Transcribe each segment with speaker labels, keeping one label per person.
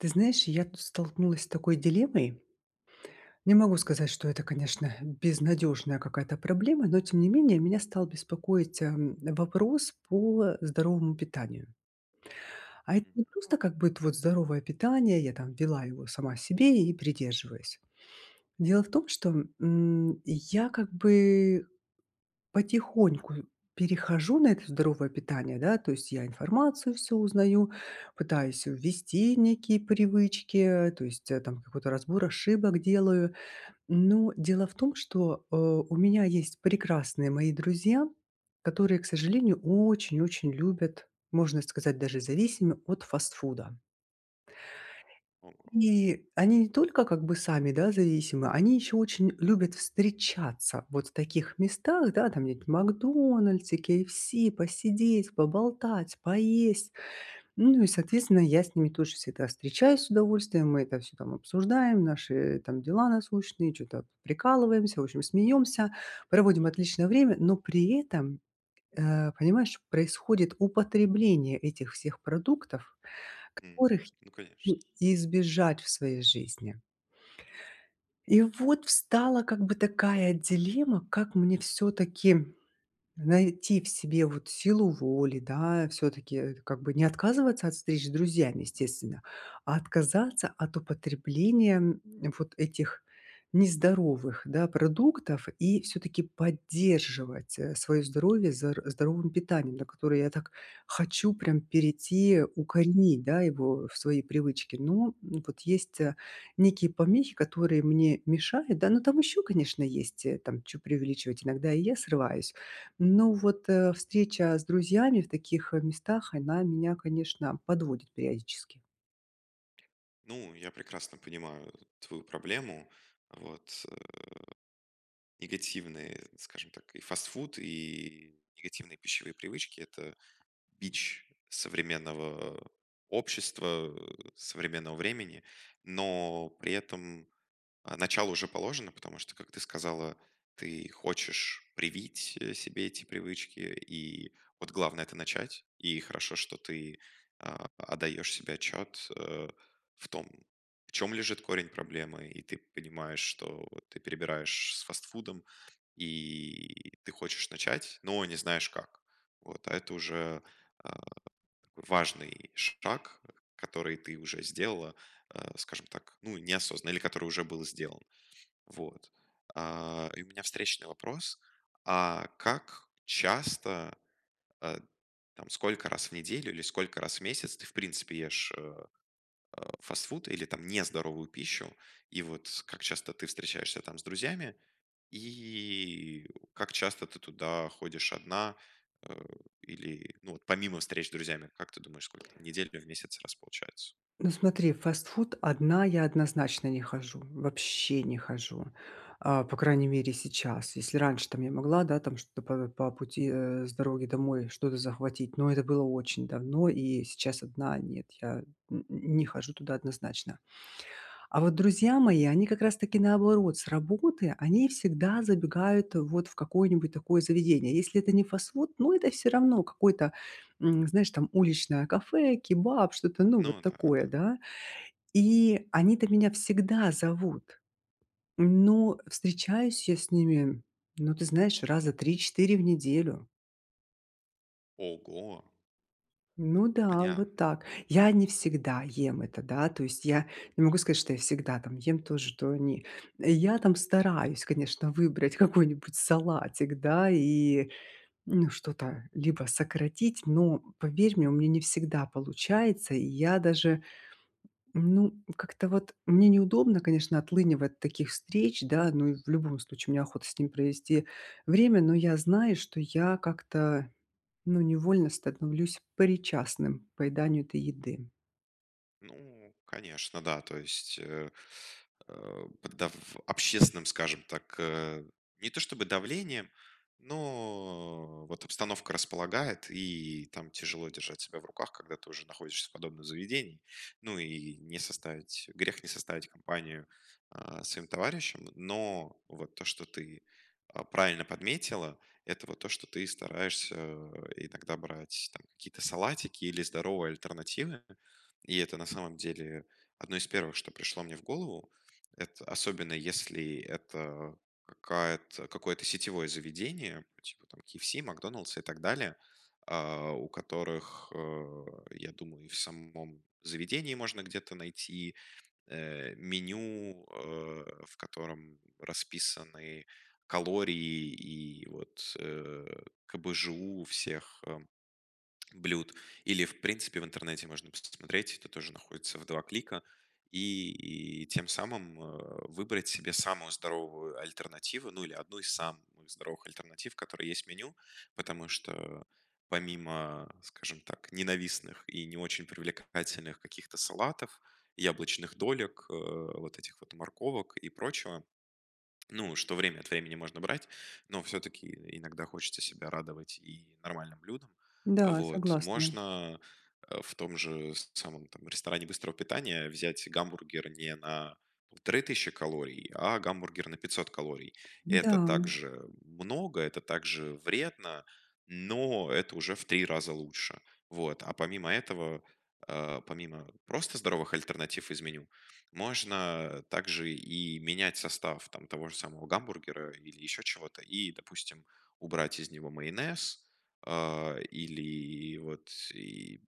Speaker 1: Ты знаешь, я тут столкнулась с такой дилеммой. Не могу сказать, что это, конечно, безнадежная какая-то проблема, но тем не менее меня стал беспокоить, эм, вопрос по здоровому питанию. А это не
Speaker 2: Мгм.
Speaker 1: просто как будет вот здоровое питание, я там вела его сама себе и придерживаюсь. Дело в том, что, м, я как бы потихоньку перехожу на это здоровое питание, да, то есть я информацию всю узнаю, пытаюсь ввести некие привычки, то есть, э, там какой-то разбор ошибок делаю. Но дело в том, что, э, у меня есть прекрасные мои друзья, которые, к сожалению, очень-очень любят, можно сказать даже зависимы от фастфуда.
Speaker 2: Ого.
Speaker 1: Ни, они не только как бы сами, да, зависимы, они еще очень любят встречаться вот в таких местах, да, там где-нибудь в "Макдональдсе", "КейЭфСи", посидеть, поболтать, поесть. Ну, и, соответственно, я с ними тоже всегда встречаюсь с удовольствием, мы это всё там обсуждаем, наши там дела насущные, чё-то прикалываемся, в общем, смеемся, проводим отличное время, но при этом, э, понимаешь, происходит употребление этих всех продуктов,
Speaker 2: М.
Speaker 1: которых
Speaker 2: Ну конечно.
Speaker 1: [unintelligible] избежать в своей жизни. И вот встала как бы такая дилемма: как мне всё-таки найти в себе вот силу воли, да, всё-таки это как бы не отказываться от встреч с друзьями, естественно, а отказаться от употребления вот этих нездоровых, да, продуктов и всё-таки поддерживать, э, свое здоровье зар здоровым питанием, на которое я так хочу прям перейти, укоренить, да, его в свои привычки. Но вот есть, а, некие помехи, которые мне мешают. Да, но там еще, конечно, есть, э, там чё преувеличивать. Иногда и я срываюсь. Но вот, э, встреча с друзьями в таких, э, местах, она меня, конечно, подводит периодически.
Speaker 2: Ну, я прекрасно понимаю твою проблему. Вот, э, негативный скажем так и фастфуд, и негативные пищевые привычки- это бич современного, э, общества, э, современного времени. Но при этом, а, начало уже положено, потому что, как ты сказала, ты хочешь привить, э, себе эти привычки. И вот главное- это начать. И хорошо, что ты, а, отдаешь себе отчет, э, в том, в чем лежит корень проблемы. И ты понимаешь, что ты перебираешь с фастфудом, и ты хочешь начать, но не знаешь как, вот. А это уже, а, важный шаг, который ты уже сделала, э, скажем так, ну, неосознанно, или который уже был сделан, вот. А, и у меня встречный вопрос. А как часто, э, там сколько раз в неделю или сколько раз в месяц ты, в принципе, ешь, э, э, фастфуд или там нездоровую пищу, и вот как часто ты встречаешься там с друзьями и как часто ты туда ходишь одна? Э, или ну вот помимо встреч с друзьями, как ты думаешь, сколько там в недель, в месяц, раз получается?
Speaker 1: Ну смотри, в фастфуд одна я однозначно не хожу. Вообще не хожу. А, по крайней мере сейчас. Если раньше там я могла, да, там что-то п по пути, э, с дороги домой что-то захватить, но это было очень давно. И сейчас одна- нет. Я н не хожу туда однозначно. А вот друзья мои, они как раз таки, наоборот, с работы они всегда забегают вот в какое-нибудь такое заведение. Если это не фастфуд, ну, это всё равно какой-то, эм, знаешь, там уличное кафе, кебаб, что-то ну вот
Speaker 2: Ну да,
Speaker 1: такое,
Speaker 2: да.
Speaker 1: да. И они-то меня всегда зовут. Но встречаюсь я с ними, ну, ты знаешь, раза 3-4 в неделю.
Speaker 2: Ого!
Speaker 1: Ну да,
Speaker 2: Понятно.
Speaker 1: вот так. Я не всегда ем это, да. То есть я не могу сказать, что я всегда там ем то же, что они. Я там стараюсь, конечно, выбрать какой-нибудь салатик, да. И ну что-то либо сократить, но поверь мне, у меня не всегда получается. И я даже ну, как-то вот мне неудобно, конечно, отлынивать от таких встреч, да. Ну и в любом случае мне охота с ним провести время. Но я знаю, что я как-то ну невольно становлюсь причастным к поеданию этой еды.
Speaker 2: Ну конечно, да. То есть, э, э, под дав общественным, скажем так, э, не то чтобы давлением, но вот обстановка располагает, и там тяжело держать себя в руках, когда ты уже находишься в подобном заведении. Ну и не составить грех не составить компанию, а, своим товарищам, но вот то, что ты, а, правильно подметила- это вот то, что ты стараешься, э, иногда брать там какие-то салатики или здоровые альтернативы. И это на самом деле одно из первых, что пришло мне в голову. Это особенно, если это какая-то какое-то сетевое заведение, типа там KFC, "Макдональдса" и так далее, э, у которых, э, я думаю, и в с самом заведении можно где-то найти, э, меню, э, в котором расписаны калории и вот с э, КБЖУ всех э блюд, или в принципе в интернете можно пос смотреть, это тоже находится в 2 клика, и и тем самым, э, выбрать себе самую здоровую альтернативу, ну или одну из самых здоровых альтернатив, которые есть в меню, потому что, э, помимо, скажем так, ненавистных и не очень привлекательных каких-то салатов, яблочных долек, э, вот этих вот морковок и прочего, ну, что время от времени можно брать, но всё-таки и иногда хочется себя радовать и нормальным блюдом.
Speaker 1: Да,
Speaker 2: Вот.
Speaker 1: согласна.
Speaker 2: Можно, э, в том же с самом там ресторане быстрого питания взять гамбургер не на 3 000 калорий, а гамбургер на 500 калорий.
Speaker 1: Да,
Speaker 2: Это
Speaker 1: м.
Speaker 2: также много, это также вредно, но это уже в 3 раза лучше. Вот, а помимо этого, э, помимо просто здоровых альтернатив из меню, можно, э, также и менять состав там того же самого гамбургера или ещё чего-то, и, допустим, убрать из него майонез, э, или и вот, и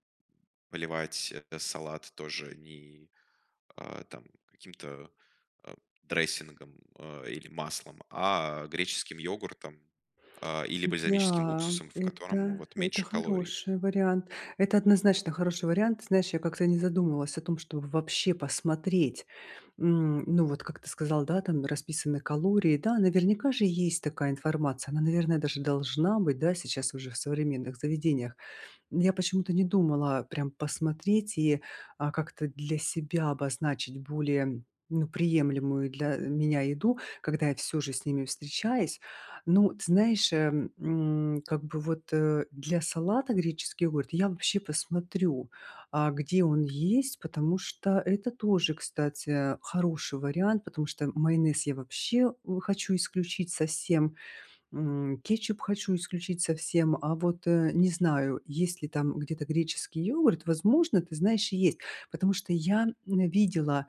Speaker 2: поливать этот салат тоже, и, а, там каким-то, э, дрессингом, э, или маслом, а греческим йогуртом, а, или бальзамическим
Speaker 1: Да,
Speaker 2: уксусом, в котором
Speaker 1: это
Speaker 2: вот
Speaker 1: это
Speaker 2: меньше калорий.
Speaker 1: хороший вариант. Это однозначно хороший вариант. Знаешь, я как-то не задумывалась о том, чтобы вообще посмотреть. М, ну вот как ты сказал, да, там расписаны калории. Да, наверняка же есть такая информация. Она, наверное, даже должна быть, да, сейчас уже в современных заведениях. М, я почему-то не думала, а, прям посмотреть и, а, как-то для себя обозначить более, ну, приемлемую для, э, меня еду, когда я всё же с ними встречаюсь. Но, ты знаешь, э, м, как бы вот, э, для салата греческий йогурт я вообще посмотрю, а, где он есть, потому что это тоже, кстати, а, хороший вариант. Потому что майонез я вообще у хочу исключить совсем, м, кетчуп хочу исключить совсем, а вот, э, не знаю, есть ли там где-то греческий йогурт, возможно, ты знаешь, и есть. Потому что я, м, видела,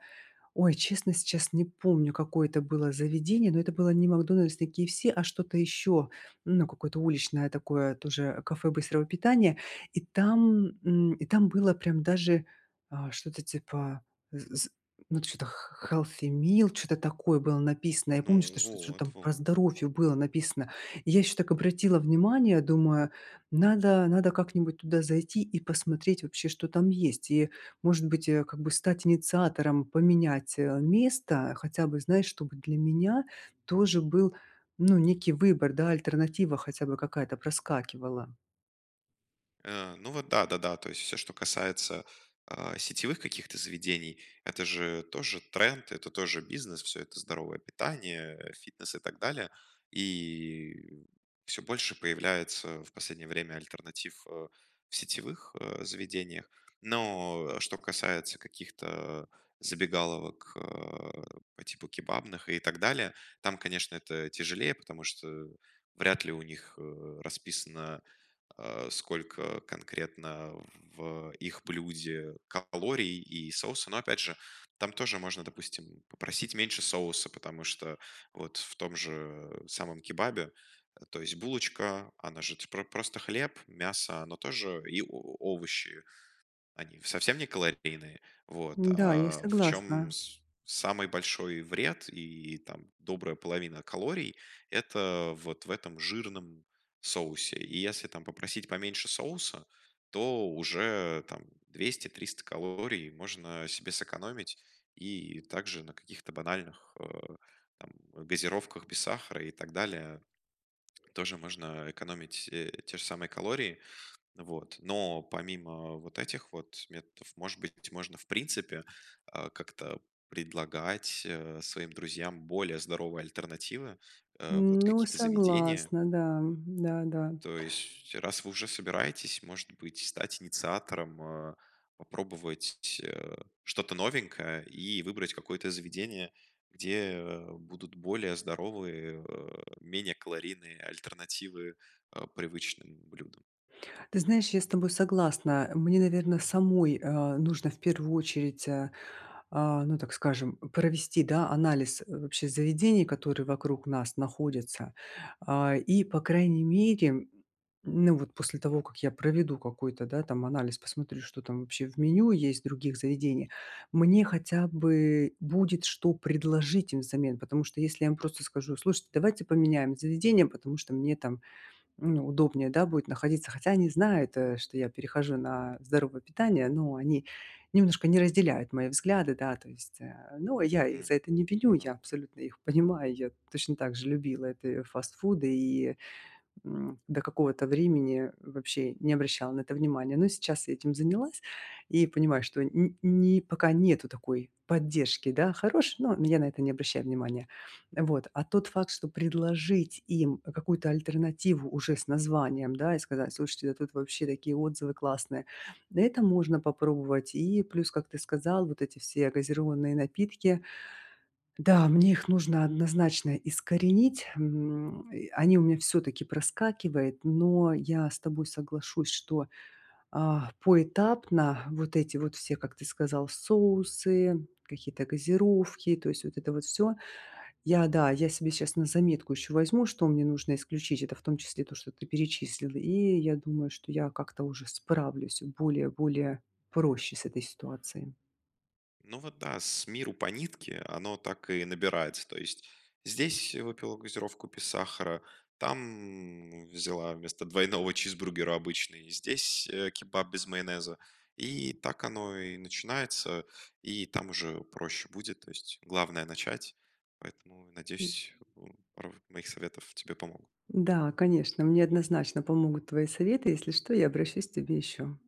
Speaker 1: ой, честно, сейчас не помню, какое это было заведение, но это было не "Макдональдс", не KFC, а что-то ещё. Ну какое-то уличное такое тоже, э, кафе быстрого питания. И там, м, и там было прям даже, а, что-то типа з з ну т что-то х х healthy meal чё-то такое было написано. Я помню,
Speaker 2: Ну
Speaker 1: что шт что-то
Speaker 2: вот
Speaker 1: там про
Speaker 2: вот.
Speaker 1: здоровье было написано. Я ещё так обратила внимание, думаю: "Надо надо как-нибудь туда зайти и посмотреть вообще, что там есть". И может быть, э, как бы стать инициатором поменять, э, место. Хотя бы знать, чтобы для меня тоже был ну некий выбор, да, альтернатива хотя бы какая-то проскакивала.
Speaker 2: Э, ну, вот да-да-да. То есть всё, что касается, э, сетевых каких-то заведений- это же тоже тренд, это тоже бизнес, всё это здоровое питание, фитнес и так далее. И всё больше появляется в последнее время альтернатив, э, в сетевых, э, заведениях. Но что касается каких-то забегаловок, э, по типу кебабных и так далее, там, конечно, это тяжелее, потому что вряд ли у них, э, расписано, э, сколько конкретно в их блюде калорий и соуса, но опять же там тоже можно, допустим, попросить меньше соуса, потому что вот в том же самом кебабе, то есть булочка, она же про просто хлеб, мясо, оно тоже и о о овощи, они совсем не калорийные, вот.
Speaker 1: Да, я
Speaker 2: А в чем
Speaker 1: согласна.
Speaker 2: с самый большой вред и там добрая половина калорий- это вот в этом жирном соусе. И если там попросить поменьше соуса, то уже там 200-300 калорий можно себе сэкономить. И также на каких-то банальных, э, там газировках без сахара, и так далее, тоже можно экономить, э, те же самые калории, вот. Но помимо вот этих вот методов, может быть, можно, в принципе, а, как-то предлагать, э, своим друзьям более здоровые альтернативы, э, вот
Speaker 1: Ну,
Speaker 2: какие-то заведения.
Speaker 1: согласна, да, да-да.
Speaker 2: То есть раз вы уже собираетесь, может быть, стать инициатором, э, попробовать ть э, что-то новенькое и выбрать какое-то заведение, где будут более здоровые, э, менее калорийные альтернативы, э, привычным блюдам.
Speaker 1: Ты знаешь, я с тобой согласна. Мне, наверное, самой, э, нужно в первую очередь, э, а, ну, так скажем, провести, да, анализ вообще заведений, которые вокруг нас находятся. А, и по крайней мере, м, ну, вот после того, как я проведу какой-то, да, там анализ, посмотрю, что там вообще в меню есть в других заведениях, мне хотя бы будет, что предложить им взамен. Потому что если я вам просто скажу: "Слушайте, давайте поменяем заведение, потому что мне там, ну, удобнее, да, будет находиться". Хотя они знают, э, что я перехожу на здоровое питание, но они немножко не разделяют мои взгляды, да, то есть, э, ну, я их за
Speaker 2: М.
Speaker 1: это не виню, я
Speaker 2: Ну.
Speaker 1: абсолютно их понимаю. Я точно так же любила это и фастфуды и, м, до какого-то времени вообще не обращала на это внимания. Но сейчас я этим занялась и понимаю, что н ни пока нету такой поддержки, да, хорошей, но я на это не обращаю внимания. Вот. А тот факт, что предложить им какую-то альтернативу уже с названием, да, и сказать: "Слушайте, да тут вообще такие отзывы классные", на этом можно попробовать. И плюс, как ты сказал, вот эти все газированные напитки. Да, мне их нужно однозначно искоренить. М, и они у меня всё-таки проскакивает, но я с тобой соглашусь, что, а, поэтапно вот эти вот все, как ты сказал: соусы, какие-то газировки, то есть вот это вот всё. Я, да, я себе сейчас на заметку еще возьму, что мне нужно исключить. Это в том числе то, что ты перечислил. И я думаю, что я как-то уже справлюсь более более проще с этой ситуацией.
Speaker 2: Ну вот да, с миру по нитке- оно так и набирается. То есть здесь выпила газировку без сахара, там взяла вместо двойного чизбургера обычный, здесь кебаб без майонеза. И так оно и начинается, и там уже проще будет, то есть главное- начать. Поэтому,
Speaker 1: М.
Speaker 2: надеюсь, у ров моих советов тебе помогут.
Speaker 1: Да, конечно, мне однозначно помогут твои советы. Если что- я обращусь к тебе ещё.